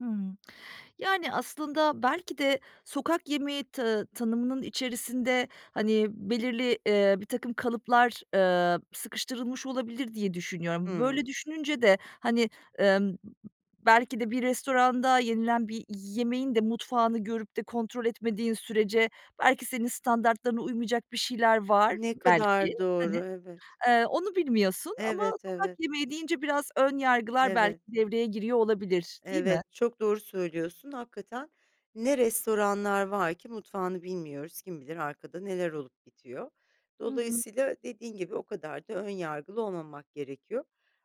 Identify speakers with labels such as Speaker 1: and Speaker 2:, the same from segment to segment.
Speaker 1: Hımm. Yani, aslında belki de sokak yemeği ta tanımının içerisinde, hani, belirli, eee, birtakım kalıplar, eee, sıkıştırılmış olabilir, diye düşünüyorum. Böyle
Speaker 2: Hıı.
Speaker 1: düşününce de, hani, emm, ı ı belki de bir restoranda yenilen bir yemeğin de mutfağını görüp de kontrol etmediğin sürece belki senin standartlarına uymayacak bir şeyler var,
Speaker 2: Ne
Speaker 1: belki,
Speaker 2: kadar
Speaker 1: hani,
Speaker 2: doğru, evet.
Speaker 1: eee, onu bilmiyorsun. Ama
Speaker 2: Evet,
Speaker 1: sokak
Speaker 2: evet.
Speaker 1: yemeği deyince biraz ön yargılar belki
Speaker 2: Evet.
Speaker 1: devreye giriyor olabilir, değil mi?
Speaker 2: Evet, çok doğru söylüyorsun hakikaten ne restoranlar var ki mutfağını bilmiyoruz. Kim bilir arkada neler olup bitiyor?
Speaker 1: Hı hı.
Speaker 2: Dolayısıyla dediğin gibi o kadar da ön yargılı olmamak gerekiyor.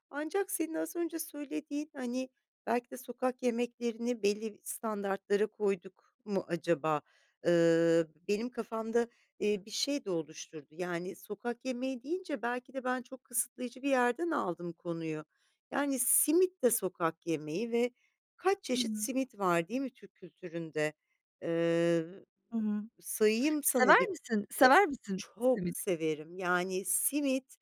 Speaker 2: Ancak senin az önce söylediğin, hani, belki de sokak yemeklerini belli standartlara koyduk mu acaba? Iıı, benim kafamda, eee, bir şey de oluşturdu. Yani sokak yemeği deyince belki de ben çok kısıtlayıcı bir yerden aldım konuyu. Yani, simit de sokak yemeği ve kaç
Speaker 1: Hı
Speaker 2: çeşit
Speaker 1: hı.
Speaker 2: simit var değil mi Türk kültüründe? Eee,
Speaker 1: Hı hı.
Speaker 2: Sayayım sana
Speaker 1: Sever
Speaker 2: bir
Speaker 1: misin
Speaker 2: E,
Speaker 1: sever misin
Speaker 2: çok
Speaker 1: simit?
Speaker 2: severim. Yani, simit,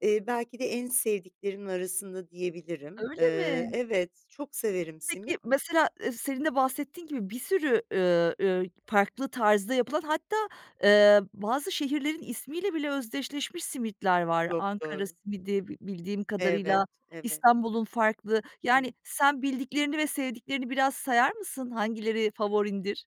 Speaker 2: eee, belki de en sevdiklerimin arasında diyebilirim. Iıı,
Speaker 1: Öyle mi?
Speaker 2: evet, çok severim
Speaker 1: Peki
Speaker 2: simit.
Speaker 1: mesela, eee, senin de bahsettiğin gibi bir sürü, üüü, üüü, farklı tarzda yapılan hatta, eee, bazı şehirlerin ismiyle bile özdeşleşmiş simitler var.
Speaker 2: Çok
Speaker 1: Ankara
Speaker 2: doğru.
Speaker 1: simidi bi bildiğim kadarıyla,
Speaker 2: Evet, evet.
Speaker 1: İstanbul'un farklı. Yani,
Speaker 2: [unintelligible]
Speaker 1: sen bildiklerini ve sevdiklerini biraz sayar mısın? Hangileri favorindir?